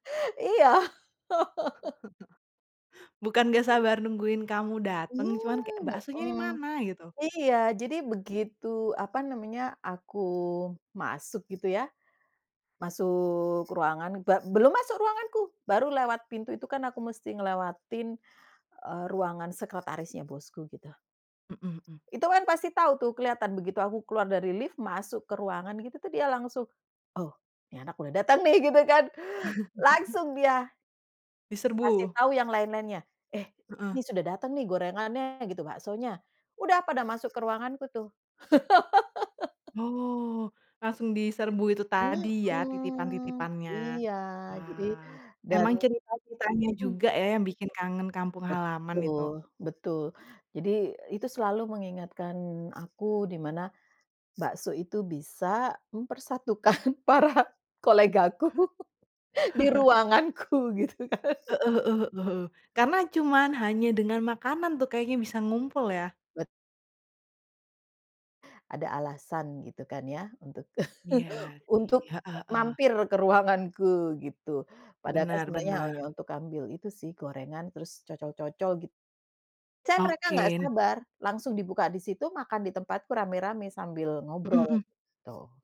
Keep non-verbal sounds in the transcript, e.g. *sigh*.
Iya. *laughs* *chuckles* Bukan enggak sabar nungguin kamu dateng, cuman kayak, Mmm, baksonya mhm. dimana gitu. Iya, jadi begitu apa namanya, aku masuk gitu ya, masuk ruangan be belum masuk ruanganku, baru lewat pintu itu kan aku mesti ngelewatin eee, ruangan sekretarisnya bosku, gitu. Mhm mhm. Itu kan pasti tahu tuh, kelihatan begitu aku keluar dari lift, masuk ke ruangan itu tuh dia langsung, "Oh ini anak boleh datang nih." Gitu kan, *chuckles* langsung dia Ngasih Diserbu. tahu yang lain-lainnya, "Eh Heeh. ini sudah datang nih gorengannya gitu, baksonya," udah pada masuk ke ruanganku tuh. *laughs* Oh, langsung diserbu itu tadi ya, Mhm titipan-titipannya. iya jadi Wah, dan emang cerita-ceritanya mhm. juga ya, yang bikin kangen kampung halaman itu. Betul, betul, jadi itu selalu mengingatkan aku, dimana bakso itu bisa mempersatukan para kolegaku di *chuckles* ruanganku gitu kan. Heeh heeh heeh, karena cuman hanya dengan makanan tuh kayaknya bisa ngumpul ya. Bet Ada alasan gitu kan ya untuk *chuckles* Iya iy untuk heeh heeh. mampir ke ruanganku gitu, padahal kan Bener, sebenarnya hanya bener. untuk ngambil itu sih, gorengan terus cocol-cocol git saya mereka enggak Oke. sabar langsung dibuka disitu, makan ditempatku rame-rame sambil Mhm ngobrol, mhm. gitu.